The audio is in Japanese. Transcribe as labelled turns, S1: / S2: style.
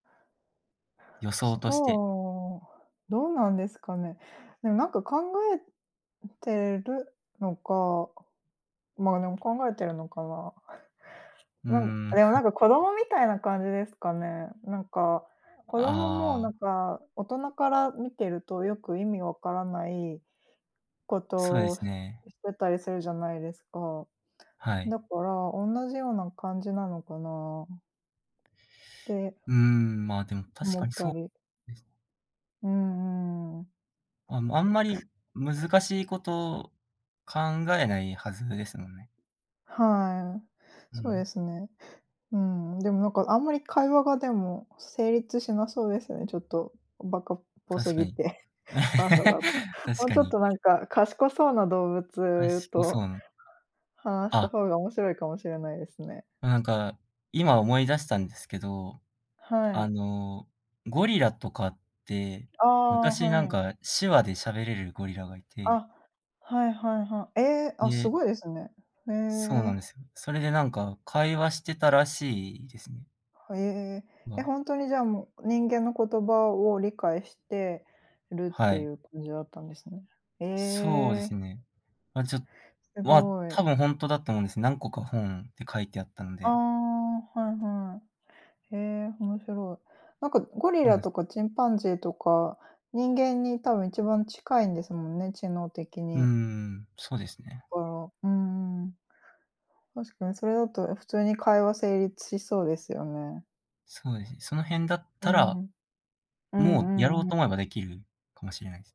S1: 予想として。
S2: そう。どうなんですかね。でも、なんか、考えてるのか、ま、でも考えてるのかな。
S1: う
S2: なん
S1: ーん。
S2: でも、な んか、子供みたいな感じですかね。なんか、子供も、
S1: あ
S2: な
S1: あ。
S2: んか、大人から見てるとよく意味わからないこ
S1: そうで
S2: とを
S1: すね。
S2: してたりするじゃないですか。
S1: はい。
S2: だから、同じような感じなのかなて
S1: うん、まあ、でも確
S2: 思
S1: か
S2: っ
S1: に
S2: た
S1: そう
S2: り。
S1: です。
S2: うーんうーん。
S1: あ、もう、あんまり難しいこと考えないはずですもんね。
S2: はい。
S1: う
S2: そうで
S1: ん。
S2: すね。うん。でも、なんか、あんまり会話がでも成立しなそうですね。ちょっと、バカっぽす
S1: 確か
S2: ぎ
S1: に。
S2: て。パンダだと。
S1: 確
S2: もう
S1: か
S2: ちょっ
S1: に。
S2: と、なんか、賢そうな動
S1: か
S2: 物
S1: しこそ
S2: と、
S1: う。
S2: 話した
S1: あ。
S2: 方が面白いかもしれないですね。
S1: なんか、今思い出したんですけど、
S2: は
S1: あ
S2: い。
S1: の、ゴリラとかって、
S2: ああ、
S1: 昔、な
S2: は
S1: ん
S2: い。
S1: か、手話で喋れるゴリラがいて
S2: あ、はいはいはい。え、あ、す
S1: で
S2: ごいですね。へ
S1: そうなん
S2: え。
S1: ですよ。それでなんか会話してたらしいですね。
S2: へえ。
S1: ま
S2: え、
S1: あ。
S2: ほんとに、じゃあ、もう、人間の言葉を理解してるっ
S1: は
S2: てい
S1: い。
S2: う感じだったんですね。へ
S1: そうで
S2: え。
S1: すね。ま、ちょ
S2: す
S1: は
S2: ご
S1: 多
S2: い。
S1: 分ほんとだと思うんですね。何個か本で書いてあったん
S2: あ、
S1: で。
S2: はいはい。へえ、面白い。なんか、ゴリ
S1: そうな
S2: ラ
S1: んす。
S2: とかチンパンジーとか、人間に多分一番近いんですもんね、知能的
S1: うー
S2: に。
S1: ん、そうですね。
S2: そっか、うんうん。確かにそれだと普通に会話成立しそうですよね。
S1: そうですね。その、辺だっ
S2: うー
S1: たら、
S2: ん。う
S1: もう、
S2: ん
S1: や
S2: う
S1: ろ
S2: ん
S1: う
S2: うん。
S1: と思えばできるかもしれないです。